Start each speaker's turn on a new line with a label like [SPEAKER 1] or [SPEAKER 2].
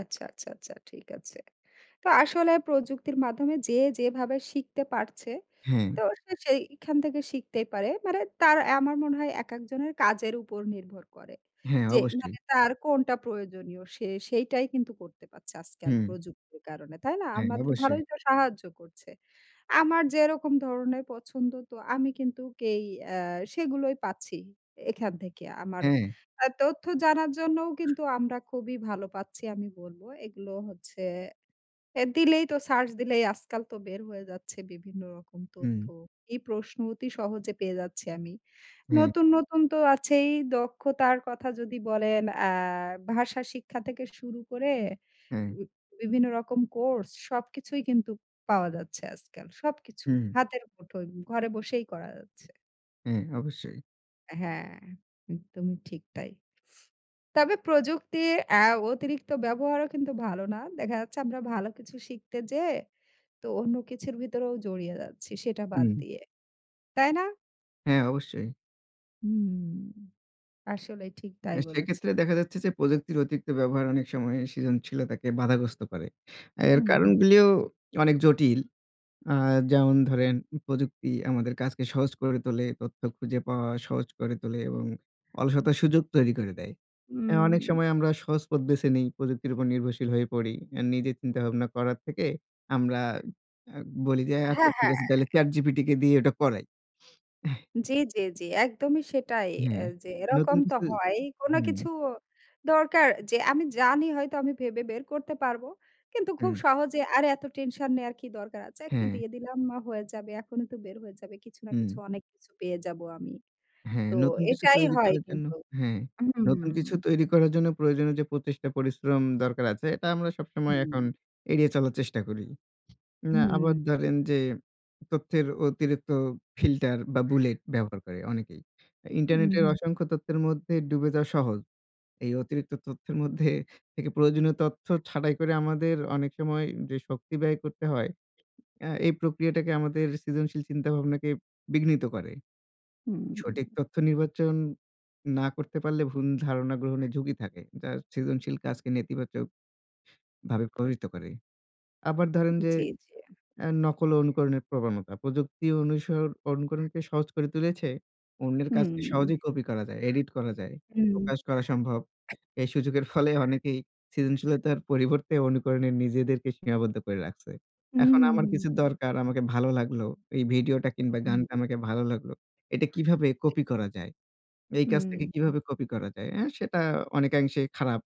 [SPEAKER 1] আচ্ছা, আচ্ছা, আচ্ছা ঠিক আছে। তো আসলে প্রযুক্তির মাধ্যমে যে যেভাবে শিখতে পারছে
[SPEAKER 2] হ্যাঁ।
[SPEAKER 1] তো সে সেইখান থেকে শিখতেই পারে। মানে তার অ্যা আমার মনে হয় একেকজনের কাজের উপর নির্ভর করে।
[SPEAKER 2] হ্যাঁ
[SPEAKER 1] যে
[SPEAKER 2] অবশ্যই।
[SPEAKER 1] মানে তার কোনটা প্রয়োজনীয় সে সেইটাই কিন্তু করতে পারছে আজকাল
[SPEAKER 2] হুম।
[SPEAKER 1] প্রযুক্তির কারণে। তাই না?
[SPEAKER 2] হ্যাঁ
[SPEAKER 1] আমাদের
[SPEAKER 2] অবশ্যই।
[SPEAKER 1] ভালোই তো সাহায্য করছে। আমার যেরকম ধরনের পছন্দ তো আমি কিন্তু কেই আ সেগুলোই পাচ্ছি এখান থেকে আমার
[SPEAKER 2] হ্যাঁ।
[SPEAKER 1] অ্যা তথ্য জানার জন্যও কিন্তু আমরা খুবই ভালো পাচ্ছি আমি বলবো। এগুলো হচ্ছে অ্যা দিলেই তো সার্চ দিলেই আজকাল তো বের হয়ে যাচ্ছে বিভিন্ন রকম তথ্য।
[SPEAKER 2] হুম।
[SPEAKER 1] এই প্রশ্ন অতি সহজে পেয়ে যাচ্ছি আমি।
[SPEAKER 2] হ্যাঁ।
[SPEAKER 1] নতুন, নতুন তো আছেই দক্ষতার কথা যদি বলেন, আ ভাষা শিক্ষা থেকে শুরু করে
[SPEAKER 2] হ্যাঁ।
[SPEAKER 1] উম বিভিন্ন রকম কোর্স সবকিছুই কিন্তু পাওয়া যাচ্ছে আজকাল, সবকিছু
[SPEAKER 2] হুম।
[SPEAKER 1] হাতের মুঠোয় ঘরে বসেই করা যাচ্ছে।
[SPEAKER 2] হ্যাঁ, অবশ্যই।
[SPEAKER 1] অ্যা হ্যাঁ, একদমই ঠিক তাই। তবে প্রযুক্তির অ্যা অতিরিক্ত ব্যবহারও কিন্তু ভালো না। দেখা যাচ্ছে আমরা ভালো কিছু শিখতে যেয়ে তো অন্য কিছুর ভিতরেও জড়িয়ে যাচ্ছি সেটা বাদ
[SPEAKER 2] উম
[SPEAKER 1] দিয়ে। তাই না?
[SPEAKER 2] হ্যাঁ, অবশ্যই।
[SPEAKER 1] হুম আসলে ঠিক তাই
[SPEAKER 2] অ্যা সেক্ষেত্রে
[SPEAKER 1] বলেছেন।
[SPEAKER 2] দেখা যাচ্ছে যে প্রযুক্তির অতিরিক্ত ব্যবহার অনেক সময় সৃজনশীলতাকে বাধাগ্রস্ত করে। এর
[SPEAKER 1] উম
[SPEAKER 2] কারণগুলিও অনেক জটিল। আ যেমন ধরেন, প্রযুক্তি আমাদের কাজকে সহজ করে তোলে, তথ্য খুঁজে পাওয়া সহজ করে তোলে এবং অলসতার সুযোগ তৈরি করে দেয়। অনেক অ্যা
[SPEAKER 1] উম।
[SPEAKER 2] সময় আমরা সহজ পথ দেশে নেই। প্রযুক্তির উপর নির্ভরশীল হয়ে পড়ি। অ্যা নিজে চিন্তাভাবনা করার থেকে আমরা অ্যা বলি যে অ্যা আচ্ছা
[SPEAKER 1] হ্যাঁ,
[SPEAKER 2] ঠিক
[SPEAKER 1] হ্যাঁ।
[SPEAKER 2] আছে তাইলে ChatGPT দিয়ে ওইটা করাই।
[SPEAKER 1] জি, জি, জি। একদমই সেটাই।
[SPEAKER 2] হ্যাঁ,
[SPEAKER 1] অ্যা যে
[SPEAKER 2] নতুন
[SPEAKER 1] এরকম তো
[SPEAKER 2] কিছু
[SPEAKER 1] হয়ই। কোন
[SPEAKER 2] হুম।
[SPEAKER 1] কিছু দরকার যে আমি জানি হয়তো আমি ভেবে বের করতে পারবো। কিন্তু খুব
[SPEAKER 2] হুম।
[SPEAKER 1] সহজে আরে, এত টেনশন নেওয়ার কি দরকার আছে। একটু
[SPEAKER 2] হ্যাঁ।
[SPEAKER 1] দিয়ে দিলাম মা হয়ে যাবে। এখনই তো বের হয়ে যাবে। কিছু না
[SPEAKER 2] হুম।
[SPEAKER 1] কিছু অনেক কিছু পেয়ে যাবো আমি।
[SPEAKER 2] হ্যাঁ,
[SPEAKER 1] তো
[SPEAKER 2] নতুন কিছু
[SPEAKER 1] এটাই
[SPEAKER 2] তৈরি
[SPEAKER 1] হয়
[SPEAKER 2] করার জন্য
[SPEAKER 1] কিন্তু।
[SPEAKER 2] হ্যাঁ, নতুন কিছু তৈরি করার জন্য প্রয়োজনীয় যে প্রচেষ্টা পরিশ্রম দরকার আছে, এটা আমরা সবসময় এখন
[SPEAKER 1] হুম।
[SPEAKER 2] এড়িয়ে চলার চেষ্টা করি। না
[SPEAKER 1] হুম।
[SPEAKER 2] আবার ধরেন যে তথ্যের অতিরিক্ত ফিল্টার বা বুলেট ব্যবহার করে অনেকেই। ইন্টারনেটের
[SPEAKER 1] উহুম।
[SPEAKER 2] অসংখ্য তথ্যের মধ্যে ডুবে যাওয়া সহজ। এই অতিরিক্ত তথ্যের মধ্যে থেকে প্রয়োজনীয় তথ্য ছাটাই করে আমাদের অনেক সময় যে শক্তি ব্যয় করতে হয়, আ এই প্রক্রিয়াটাকে আমাদের সৃজনশীল চিন্তাভাবনাকে বিঘ্নিত করে। সঠিক
[SPEAKER 1] হুম।
[SPEAKER 2] তথ্য নির্বাচন না করতে পারলে ভুল ধারণা গ্রহণে ঝুঁকি থাকে। যার সৃজনশীল কাজকে নেতিবাচক ভাবে প্রভাবিত করে। আবার ধরেন যে
[SPEAKER 1] জি, জি।
[SPEAKER 2] আ নকল ও অনুকরণের প্রবণতা। প্রযুক্তি অনুসর অনুকরণকে সহজ করে তুলেছে, অন্যের কাজকে
[SPEAKER 1] হুম।
[SPEAKER 2] সহজেই কপি করা যায়, এডিট করা যায়,
[SPEAKER 1] হুম।
[SPEAKER 2] প্রকাশ করা সম্ভব। এই সুযোগের ফলে অনেকেই সৃজনশীলতার পরিবর্তে অনুকরণে নিজেদেরকে সীমাবদ্ধ করে রাখছে।
[SPEAKER 1] উহু,
[SPEAKER 2] এখন আমার
[SPEAKER 1] হু,
[SPEAKER 2] কিছু
[SPEAKER 1] হু।
[SPEAKER 2] দরকার আমাকে ভালো লাগলো। এই ভিডিওটা কিংবা গানটা
[SPEAKER 1] হুম।
[SPEAKER 2] আমাকে ভালো লাগলো। এটা কিভাবে কপি করা যায়? এই কাজ থেকে
[SPEAKER 1] উম
[SPEAKER 2] কীভাবে কপি করা যায়? অ্যা সেটা অনেকাংশেই খারাপ।